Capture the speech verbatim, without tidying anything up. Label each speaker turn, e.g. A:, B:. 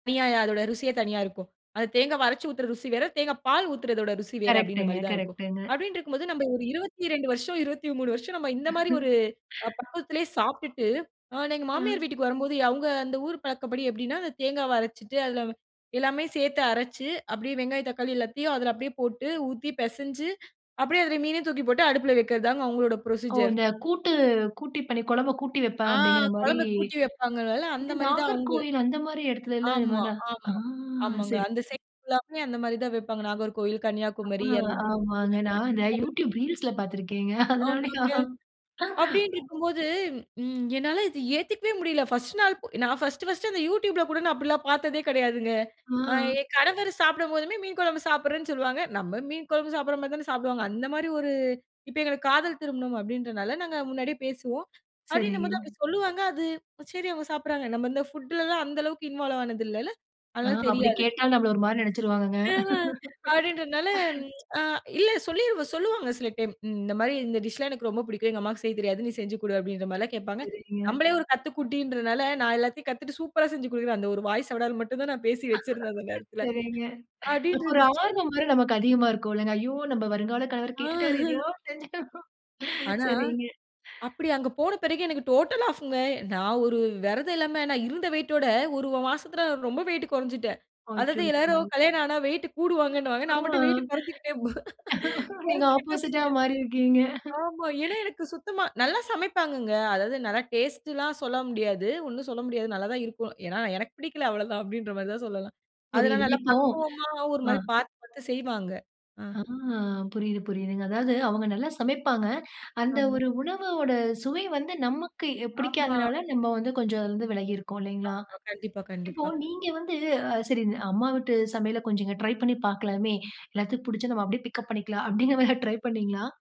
A: தணியா, அதோட ருசியே தனியா இருக்கும். அந்த தேங்காவ அரைச்சு ஊத்துற ருசி வேற, தேங்காய் பால் ஊத்துறதோட ருசி வேற அப்டின்ற
B: கரெக்டுங்க
A: மாரி தான் இருக்கும்.
B: கரெக்டுங்க.
A: அப்டின்ட்ருக்கும்போது நம்ம ஒரு இருபத்திரெண்டு வருஷம், இருபத்திமூணு வருஷம் நம்ம இந்த மாரி ஒரு அ பக்கத்லயே சாப்ட்டுட்டு, அ நான் எங்க மாமியார்
B: அ.
A: வீட்டுக்கு வரம்போது, அவுங்க அந்த ஊரு பழக்கபடி எப்டின்னா, அந்த தேங்காவ அரைச்சுட்டு அதுல எல்லாமே சேத்து அரைச்சு, அப்டியே வெங்காயம் தக்காளி எல்லாத்தையும் அதுல அப்டியே போட்டு ஊத்தி பெசஞ்சு அப்டியே அதுல மீனயும் தூக்கி போட்டு அடுப்ல வக்கிறதுதாங்க, அவங்களோட
B: ஓ
A: ப்ரொசீஜர்.
B: இந்த கூட்டு, "கூட்டி பண்ணி கொழம்ப கூட்டி வைப்பேன்"
A: ஆ!
B: அப்டிங்கிற மாரி,
A: கொழம்ப கூட்டி வைப்பாங்கல்ல அந்த
B: இது
A: மாரி தான் அவுங்க.
B: நாகர்கோயில் அந்த மாரி எடத்துலல்ல இது
A: ஆமா
B: மாரிலான் ஆ!
A: ஆமா ஆமாங்க. அந்த
B: சரிங்க.
A: சைட் ஃபுல்லாமே அந்த மாரி தான் வெப்பாங்க. நாகர்கோவில், கன்னியாகுமரி
B: அபோ,
A: அந்த,
B: ஆமாங்க நான்
A: [unintelligible] அப்டித்தான்
B: வந்து,
A: வப்பா
B: யூட்யூப் ரீல்ஸில பார்த்துருக்கேங்க அதனால,
A: ஆமாங்க. அப்டின்ட்ருக்கும்போது, ம் என்னால இத ஏத்துக்கவே முடியல! ஃபர்ஸ்ட் நாள் பொ நான் ஃபர்ஸ்ட்டு ஃபர்ஸ்ட்டு அந்த யூடியூப்ல கூட நான் அப்டிலாம் பாத்ததே கெடையாதுங்க. அ
B: அ.
A: என் கணவர் சாப்டும்போதுமே, மீன் கொழம்பு சாப்ட்றேன்னு சொல்லுவாங்க. நம்ம மீன் குழம்பு சாப்ட்ற மாரி தானே சாப்டுவாங்க. அந்த மாரி ஒரு இப்ப எங்களுக்கு காதல் திருமணம் அப்படின்றதுனால, நாங்க முன்னாடியே பேசுவோம். அப்டின்னும்போது
B: சரிங்க.
A: அப்டி சொல்லுவாங்க. அது சரி அவுங்க சாப்ட்றாங்க நம்ம இந்த ஃபுட்லலாம், அந்த அளவுக்கு இன்வால்வ் ஆனது இல்லல்ல,
B: ஆ,
A: அதனால
B: அப்டி
A: தெரியாது.
B: கேட்டா நம்பள ஒரு மாரி நெனச்சுருவாங்கங்க.
A: ம் அ, அப்டின்றனால அ இல்ல சொல்லிரு சொல்லுவாங்க சில டைம். இந்த மாரி "இந்த டிஷ் எல்லாம் எனக்கு ரொம்ப பிடிக்கும். எங்க அம்மாக்கு செய்ய தெரியாது. நீ செஞ்சு குடு" அப்டின்ற மாரில்லாம் கேப்பாங்க.
B: சரிங்க.
A: நம்பளே ஒரு கத்துக்குட்டின்றனால, "நான் எல்லாத்தையும் கத்துட்டு சூப்பரா செஞ்சு குடுக்றேன்." அந்த ஒரு வாய் சவுடால் மட்டும் தான் நான் பேசி வச்சிருந்தேன் அந்த நேரத்துல.
B: சரிங்க. அப்ப
A: அப்டின்னு
B: ஒரு
A: இருந்துச்சு.
B: ஆர்வம் வேற நமக்கு அதிகமா இருக்கும்லங்க. ஐயோ! நம்ப வருங்கால கணவர்
A: ஆ.
B: கேட்டுட்டாரு
A: ஹு,
B: எதையாவது செஞ்சு தரணும்
A: ஆனா,
B: சரிங்க.
A: அப்புடி அங்க போன பெறகு, எனக்கு டோட்டலா ஆஃப்ங்க. நான் ஒரு வெரதம் இல்லாம நான் இருந்த வெய்ட்டோட ஒரு மாசத்ல ரொம்ப வெய்ட் கொறஞ்சுட்டேன். அதாவது
B: அச்சச்சோ!
A: எல்லாரும் கல்யாணம் ஆனா வெய்ட்டு கூடுவாங்கன்னுவாங்க.
B: ஆ.
A: நான் மட்டும் வெய்ட்டு கொறஞ்சுக்கிட்டேபோனேன்
B: நீங்க ஆப்போசிட்டா
A: கொறஞ்சுக்கிட்டேபோனேன்.
B: மாறிருக்கீங்க.
A: ஆமா, ஏன்னா எனக்கு சுத்தமா நல்லா சமைப்பாங்கங்க. அதாவது நல்லா டேஸ்ட்டலாம் சொல்ல முடியாது. ஒன்னும் சொல்ல முடியாது நல்லா தான் இருக்கும். ஏன்னா "எனக்கு பிடிக்கல அவ்ளோதான்!" அப்டின்ற மாரி தான் சொல்லலாம். அதெல்லாம்
B: புரியுதுங்
A: நல்லா
B: இப்போ,
A: பக்குவமா ஒரு
B: அ
A: மாரி பாத்து பாத்து செய்வாங்க. அ
B: ஆ புரியுது புரியுதுங்க. அதாவது, அவுங்க நல்லா சமைப்பாங்க. அந்த
A: ஆமா.
B: ஒரு உணவவோட சுவை வந்து நமக்கு எ
A: ஆமா.
B: பிடிக்காதனால, நம்ம வந்து கொஞ்சம் அதுல இருந்து வெலகியிருக்கோம் இல்லைங்ளா?
A: ஆமா, கண்டிப்பா
B: இப்போ
A: கண்டிப்பா.
B: நீங்க வந்து அ சரி "அம்மா வீட்டு சமையல கொஞ்சம் ட்ரை பண்ணி பாக்கலாமே, எல்லாத்துக்கும் பிடிச்சா நம்ம அப்டியே பிக்கப் பண்ணிக்கலாம்". அப்டிங்கிற மாரி ஏதா ட்ரை பண்ணீங்ளா?